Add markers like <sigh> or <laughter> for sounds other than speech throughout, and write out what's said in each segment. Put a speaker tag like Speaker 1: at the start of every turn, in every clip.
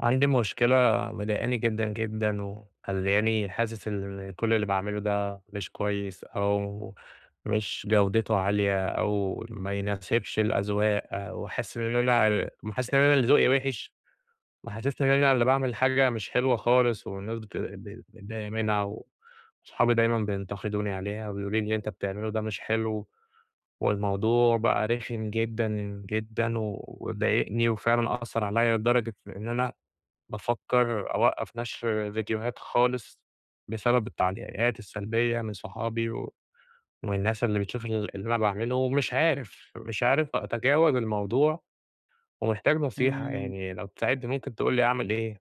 Speaker 1: عندي مشكلة مضايقاني جدًا، جدًا، ومخليانى حاسس إن كل اللي باعمله ده مش كويّس أو مش جودته عالية أو ما يناسبش الأذواق، وحاسس إن أنا حاسس إن أنا اللي ذوقي وحش، محسسنى إن أنا اللي باعمل حاجة مش حلوة خالص والناس بت ب مضايقة منها وصحابي دايمًا بينتقدوني عليها، وبيقولوا لي اللي أنت بتعمله ده مش حلو. والموضوع بقى رخم جدًا، جدًا، وضايقني وفعلًا آثر عليّّ لدرجة إن أنا بافكر أوقّف نشر ڤيديوهات خالص بسبب التعليقات السلبيّة من صحابي ومن الناس اللي بتشوف اللي أنا باعمله، ومش عارف مش عارف أتجاوز الموضوع ومحتاج نصيحة
Speaker 2: إمم.
Speaker 1: يعني لو تساعدني ممكن تقول لي أعمل إيه.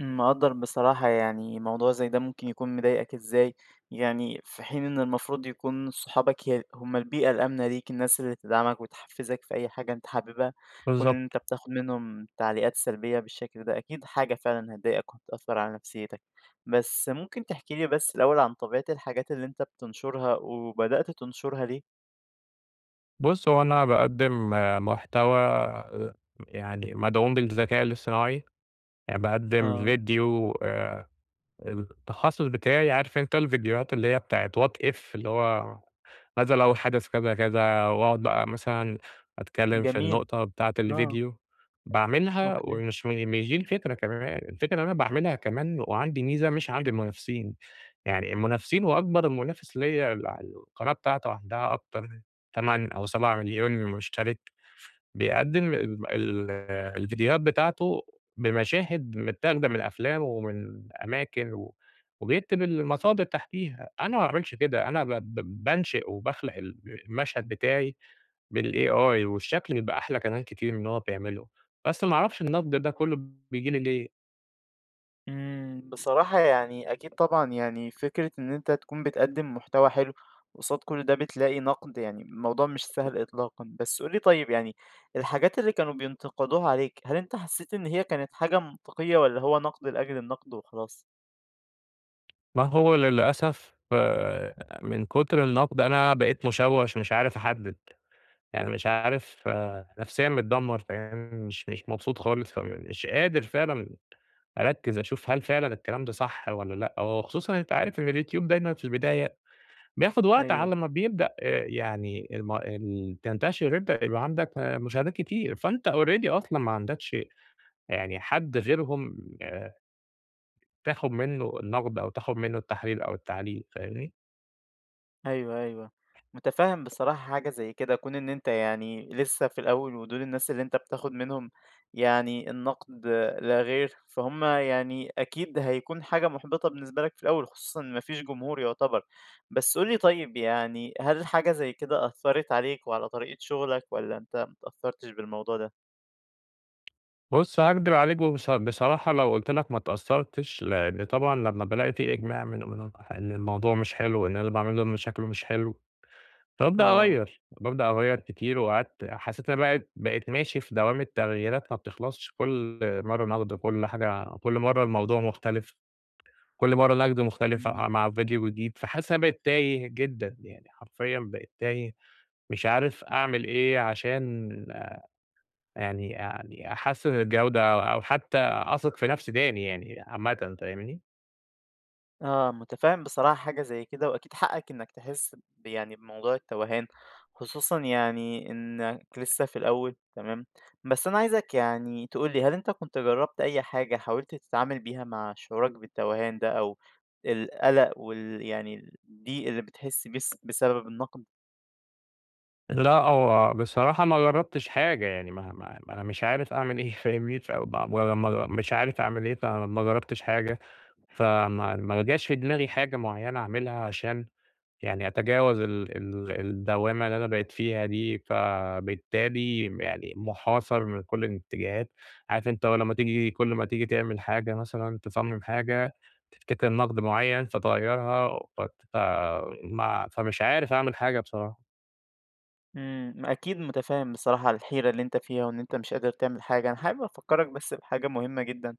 Speaker 2: مقدّر بصراحة، يعني موضوع زي ده ممكن يكون مضايقك إزاي يعني في حين إن المفروض يكون صحابك ي هم البيئة الآمنة ليك، الناس اللي تدعمك وتحفزك في أي حاجة أنت حاببها، كون إن أنت
Speaker 1: بالضبط.
Speaker 2: بتاخد منهم تعليقات سلبيّة بالشكل ده أكيد حاجة فعلًا هتضايقك وهتأثر على نفسيتك. بس ممكن تحكي لي بس الأوّل عن طبيعة الحاجات اللي أنت بتنشرها، وبدأت تنشرها ليه؟
Speaker 1: بُص هو أنا باقدِّم محتوى يعني مدعوم بالذكاء الإصطناعي، يعني باقدم
Speaker 2: آه.
Speaker 1: ڤيديو آآ التخصص بتاعي عارف أنت الڤيديوهات اللي هي بتاعة what if؟ اللي هو ماذا لو حدث كذا، كذا؟ وأقعد بقى مثلًا أتكلّم في
Speaker 2: جميل.
Speaker 1: النقطة بتاعة
Speaker 2: آه.
Speaker 1: الڤيديو، باعملها
Speaker 2: أوكي.
Speaker 1: ومش مش دي الفكرة كمان، الفكرة إن أنا باعملها كمان وعندي ميزة مش عند المنافسين، يعني المنافسين وأكبر منافس ليّا اللي على القناة بتاعته عندها أكتر من 8 أو 7.000.000 مشترك، بيقدم ال ال الڤيديوهات بتاعته بمشاهد متاخدة من أفلام، ومن أماكن و وبيكتب المصادر تحتيها، أنا ما باعملش كده أنا ب ب بانشئ وباخلق الب المشهد بتاعي بالAI، والشكل بيبقى أحلى كمان كتير من اللي هو بيعمله، بس ما أعرفش النقد ده كلّه بييجي لي ليه!
Speaker 2: إمم. بصراحة يعني أكيد طبعًا يعني فكرة إن أنت تكون بتقدم محتوى حلو، وقصاد كل ده بتلاقي نقد، يعني الموضوع مش سهل إطلاقًا. بس قل لي طيّب يعني الحاجات اللي كانوا بينتقدوها عليك هل أنت حسّيت إن هي كانت حاجة منطقيّة والّا هو نقد لأجل النقد وخلاص؟
Speaker 1: ما هو للأسف آآ، من كتر النقد أنا بقيت مشوش مش عارف أحدد، يعني مش عارف نفسيًا متدمر فاهم مش مش مبسوط خالص، مش قادر فعلًا أركز أشوف هل فعلًا الكلام ده صح والّا لأ، وخصوصًا أنت عارف إن اليوتيوب دايمًا في البداية بياخد وقت
Speaker 2: أيوه.
Speaker 1: على ما بيبدأ آآ يعني الم ال تنتشر أنتَ تبقى عندك مشاهدات كتير فأنت already أصلًا ما عندكش يعني حد غيرهم آآ، تاخد منّه النقد أو تاخد منّه التحليل أو التعليق فاهمني؟
Speaker 2: أيوَه، أيوَه، متفهم بصراحة حاجة زي كده كون إن أنت يعني لسّه في الأوّل ودول الناس اللي أنت بتاخد منهم يعني النقد لا غير، فهمَّ يعني أكيد هيكون حاجة محبطة بالنسبة لك في الأوّل خصوصًا إن ما فيش جمهور يعتبر. بس قل لي طيّب يعني هل حاجة زي كده أثَّرت عليك وعلى طريقة شغلك والًا أنت ما اتأثرتش بالموضوع ده؟
Speaker 1: بُص هاكدب عليك وب بصراحة لو قلت لك ما اتأثرتش، لإن طبعًا لمّا بالاقي في إجماع من منهم إن الموضوع مش حلو، إن أنا اللي باعمله ده م شكله مش حلو، بأبدأ
Speaker 2: آه.
Speaker 1: أغيّر، بأبدأ أغيّر كتير وقعدت حسّيت أنا بقيت بقيت ماشي في دوامة تغييرات ما بتخلصش، كل مرّة نقد كل حاجة كل مرّة الموضوع مختلف. كل مرّة نقد مختلف
Speaker 2: إمم.
Speaker 1: ع مع ڤيديو جديد فحاسس إن أنا بقيت تايه جدًا يعني حرفيًا بقيت تايه مش عارف أعمل إيه، عشان يعني يعني أحسِّن الجودة أو أو حتّى أثق في نفسي تاني يعني عامةً فاهمني؟
Speaker 2: آه، متفهِّم بصراحة حاجة زي كده، وأكيد حقَّك إنّك تحس ب يعني بموضوع التوهان. خصوصًا يعني إنّك لسّه في الأوّل. تمام؟ بس أنا عايزك يعني تقول لي هل أنتَ كنت جرّبت أي حاجة حاولت تتعامل بيها مع شعورك بالتوهان ده أو القلق وال يعني الضيق اللي بتحس بس بسبب النقد؟
Speaker 1: لأ، هو بصراحة ما جرّبتش حاجة. يعني ما ما ما أنا مش عارف أعمل إيه فاهمني؟ <unintelligible> ولما مش عارف أعمل إيه، فما جربتش حاجة، فما ما جاش في دماغي حاجة معيَّنة أعملها عشان يعني أتجاوز ال ال الدوامة اللي أنا بقيت فيها دي، فبالتالي يعني محاصر من كل الاتجاهات. عارف أنتَ هو لمّا تييجي كل ما تييجي تعمل حاجة مثلًا، تصمم حاجة، تفتكر نقد معيّن، فتغيَّرها فت ف ما فمش عارف أعمل حاجة بصراحة.
Speaker 2: امم. ما أكيد متفهِم بصراحة الحيرة اللي أنت فيها، وإن أنتَ مش قادر تعمل حاجة. أنا حابب أفكَّرك بس بحاجة مهمّة جدًا،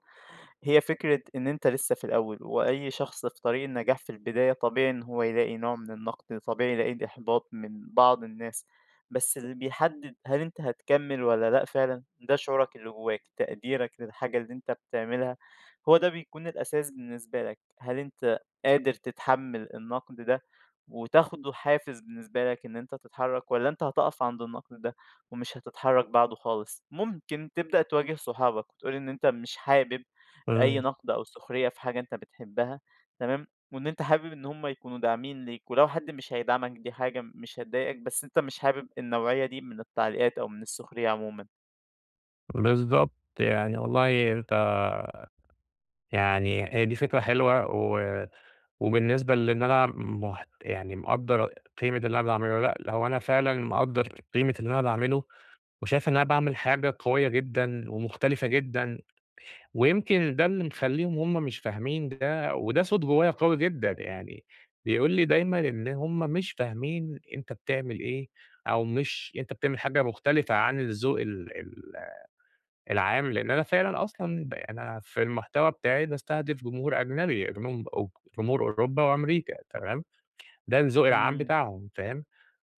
Speaker 2: هي فكرة إن أنتَ لسَّه في الأوّل، وأي شخص في طريق النجاح في البداية طبيعي إن هو يلاقي نوع من النقد. طبيعي يلاقي إحباط من بعض الناس، بس اللي بيحدِّد هل أنت هتكمل والَّا لأ فعلًا؟ ده شعورك اللي جوّاك. تقديرك للحاجة اللي أنتَ بتعملها، هو ده بيكون الأساس بالنسبة لك. هل أنت قادر تتحمل النقد ده، وتاخده حافز بالنسبة لك إن أنتَ تتحرك؟ والّا أنت هتقف عند النقد ده ومش هتتحرك بعده خالص؟ ممكن تبدأ تواجه صحابك، وتقول إن أنتَ مش حابب أي نقد أو سخرية في
Speaker 1: <unintelligible>
Speaker 2: حاجة أنت بتحبها. تمام؟ وإن أنت حابب إن هم يكونوا داعمين ليك. ولو حد مش هيدعمك دي حاجة م مش هتضايقك، بس أنتَ مش حابب النوعية دي من التعليقات أو من السخرية عمومًا.
Speaker 1: بالضبط. يعني والله أنت يعني هي دي فكرة حلوة، و وبالنسبة لإن أنا مح يعني مقدر قيمة اللي أنا باعمله. لأ، هو أنا فعلًا مقدر قيمة اللي أنا باعمله، وشايف إن أنا باعمل حاجة قويّة جدًا، ومختلفة جدًا. ويمكن ده اللي مخليهم هم مش فاهمين ده، وده صوت جوّايا قوي جدًا، يعني بيقول لي دايمًا إن همّ مش فاهمين أنت بتعمل إيه، أو مش أنت بتعمل حاجة مختلفة عن الذوق ال ال العام. لأن أنا فعلًا أصلًا ب أنا في المحتوى بتاعي باستهدف جمهور أجنبي، <unintelligible> أ جمهور أوروبا وأمريكا تمام؟ ده الذوق العام
Speaker 2: آمم.
Speaker 1: بتاعهم فاهم؟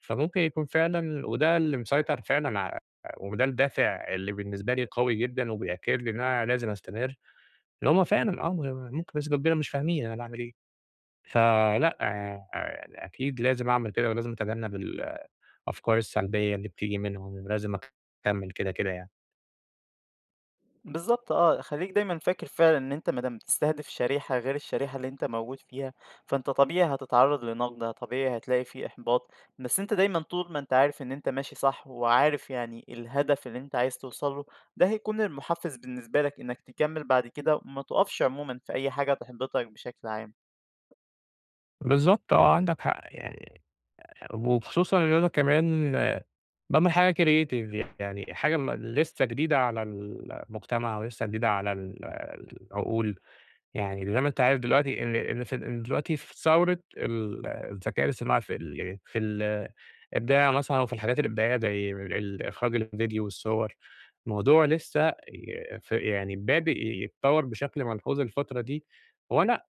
Speaker 1: فممكن يكون فعلًا وده اللي مسيطر فعلًا ع وده الدافع اللي بالنسبة لي أوي جدًا، وبيأكد لي إن أنا لازم أستمر. إن همّ فعلًا آه، م و ممكن بنسبة كبيرة بس مش فاهمين أنا باعمل إيه. فلأ، يع ع أكيد لازم أعمل كده ولازم أتجنب ال الأفكار السلبيّة اللي بتيجي منهم. ولازم أكمل كده كده يعني.
Speaker 2: بالضبط آه، خلّيك دايمًا فاكر فعلًا إن أنت ما دام بتستهدف شريحة غير الشريحة اللي أنت موجود فيها، فأنت طبيعي هتتعرض لنقد، طبيعي هتلاقي في إحباط، بس أنت دايمًا طول ما أنت عارف إن أنت ماشي صح، وعارف يعني الهدف اللي أنت عايز توصل له ده هيكون المُحفز بالنسبة لك إنّك تكمل بعد كده، وما تقفش عمومًا في أي حاجة تحبطك بشكل عام.
Speaker 1: بالضبط آه، عندك حق. آآ، يعني وخصوصًا إن أنا كمان باعمل حاجة creative يعني حاجة م لسّه جديدة على المجتمع ولسّه جديدة على ال العقول، يعني زي ما أنت عارف دلوقتي إن إن إن دلوقتي في ثورة ال الذكاء الاصطناعى في ال في ال الإبداع مثلًا وفي الحاجات الإبداعية زي ال إخراج الڤيديو والصور. الموضوع لسّه ي ف يعني بادىء يتطور بشكل ملحوظ الفترة دي، وأنا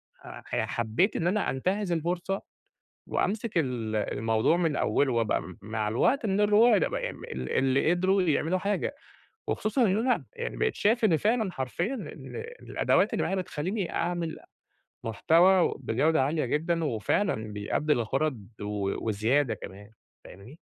Speaker 1: حبّيت إن أنا أنتهز الفرصة وأمسك ال الموضوع من أوله، وأبقى مع الوقت من الرواد <unintelligible> ال اللي قدروا يعملوا حاجة. وخصوصًا إنّه أنا يعني بقيت شايف إن فعلًا حرفيًا إن الأدوات اللي معايا بتخليني أعمل محتوى بجودة عالية جدًا، وفعلًا بيأدي الغرض و وزيادة كمان. فاهمني؟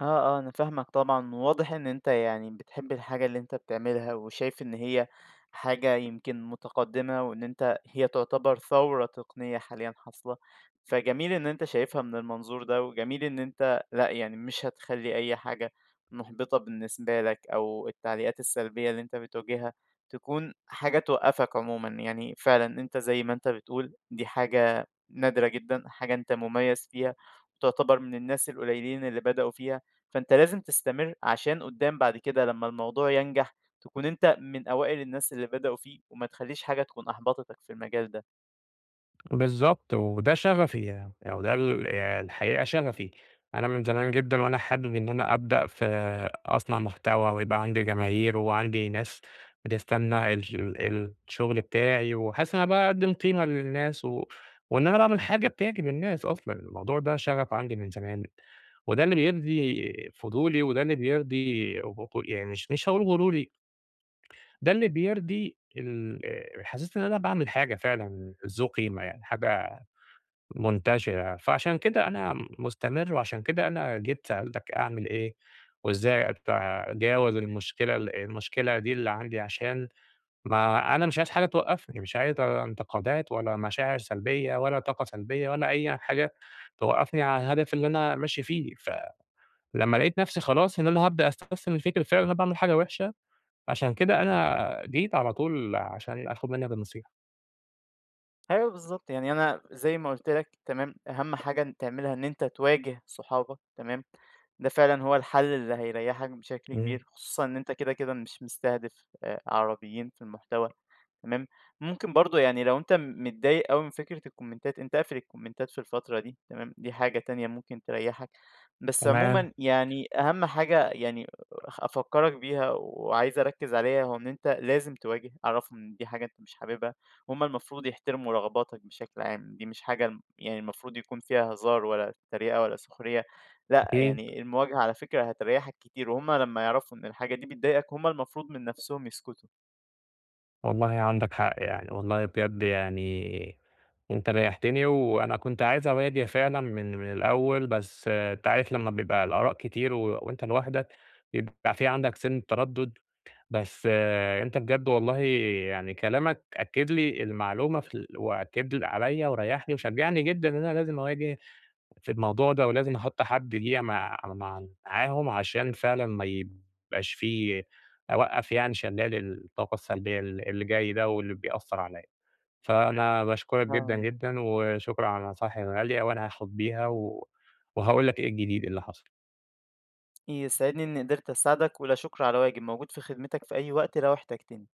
Speaker 2: آه، آه، أنا فاهمك طبعًا واضح إن أنت يعني بتحب الحاجة اللي أنت بتعملها، وشايف إن هي حاجة يمكن متقدمة، وإن أنت هي تعتبر ثورة تقنية حاليًا حاصلة، فجميل إن أنت شايفها من المنظور ده، وجميل إن أنت لأ، يعني مش هتخلي أي حاجة محبطة بالنسبة لك أو التعليقات السلبيّة اللي أنت بتواجهها تكون حاجة توقفك عمومًا، يعني فعلًا أنت زي ما أنت بتقول دي حاجة نادرة جدًا، حاجة أنت مميّز فيها وتعتبر من الناس القليّلين اللي بدأوا فيها. فأنت لازم تستمر عشان قدّام بعد كده لمّا الموضوع ينجح تكون أنت من أوائل الناس اللي بدأوا فيه وما تخليش حاجة تكون أحبطتك في المجال ده.
Speaker 1: بالضبط، وده شغفي يع و ده ال الحقيقة شغفي. أنا من زمان جدًا وأنا حابب إن أنا أبدأ في أصنَع محتوى ويبقى عندي جماهير وعندي ناس بتستنى الش ال الشغل بتاعي، وأحسّ إن أنا باقدّم قيمة للناس و وإن أنا باعمل حاجة بتعجب الناس أصلًا. الموضوع ده شغف عندي من زمان وده اللي بيرضي فضولي، وده اللي بيرضي غ غ يعني مش مش هاقول غروري ده اللي بيرضي ال آآ، حسّيت إن أنا باعمل حاجة فعلًا ذو قيمة يعني، حاجة منتشرة. فعشان كده أنا مستمر، وعشان كده أنا جيت سألتك أعمل إيه، وإزاي أتجاوز المشكلة المشكلة دي اللي عندي. عشان ما أنا مش عايز حاجة توقفني مش عايز انتقادات ولا مشاعر سلبيّة ولا طاقة سلبيّة ولا أي حاجة توقفني عن الهدف اللي أنا ماشي فيه. فلمّا لقيت نفسي خلاص إن أنا هابدأ استسلم للفكرة فعلًا أنا باعمل حاجة وحشة، عشان كده أنا جيت على طول عشان أخد منّك النصيحة.
Speaker 2: أيوه بالضبط، يعني أنا زي ما قلت لَك تمام، أهم حاجة تعملها إن أنت تواجه صحابك تمام، ده فعلًا هو الحل اللي هيريحك بشكل
Speaker 1: <unintelligible>
Speaker 2: كبير، خصوصًا إن أنت كده كده مش مستهدف آآ، عربيين في المحتوى تمام، ممكن برضو يعني لو أنت متضايق أوي من فكرة الكومنتات أنت اقفل الكومنتات في الفترة دي تمام، دي حاجة تانية ممكن تريَّحك، بس
Speaker 1: تمام.
Speaker 2: عمومًا يعني أهم حاجة يعني أ أفكرَك بيها وعايز أركز عليها هو إن أنت لازم تواجه، عرَّفهم إن دي حاجة أنت مش حاببها، وهم المفروض يحترموا رغباتَك بشكل عام، دي مش حاجة يعني المفروض يكون فيها هزار ولا تريقة ولا سخرية لأ،
Speaker 1: أكيد.
Speaker 2: يعني المواجهة على فكرة هتريَّحَك كتير، وهم لمَّا يعرفوا إن الحاجة دي بتضايقَك هم المفروض من نفسهم يسكتوا.
Speaker 1: والله عندك حق، يعني والله بجد يعني أنت ريَّحتني، وأنا كنت عايز أواجه فعلًا من من الأوّل، بس أنت عارف لمّا بيبقى الآراء كتير و وأنت لوحدَك بيبقى في عندك سنِّة تردد، بس آآ، أنت بجد والله يعني كلامَك أكِّد لي المعلومة في ال وأكِّد عليَّ وريحني وشجعني جدًا إن أنا لازم أواجه في الموضوع ده، ولازم أحط حد ليَّ مع مع معاهم، عشان فعلًا ما يبقاش في أوقف يعني شلال الطاقة السلبيّة ال اللي جاي ده واللي بيأثر عليَّ. فأنا باشكرَك جدًا،
Speaker 2: آه.
Speaker 1: جدًا، وشكرًا على النصايح الغالية، وأنا هاخد بيها و وهاقول لَك إيه الجديد اللي حصل.
Speaker 2: يسعدني إنّي قدرت أساعدَك، ولا شكر على واجب، موجود في خدمتَك في أي وقت لو احتاجتني.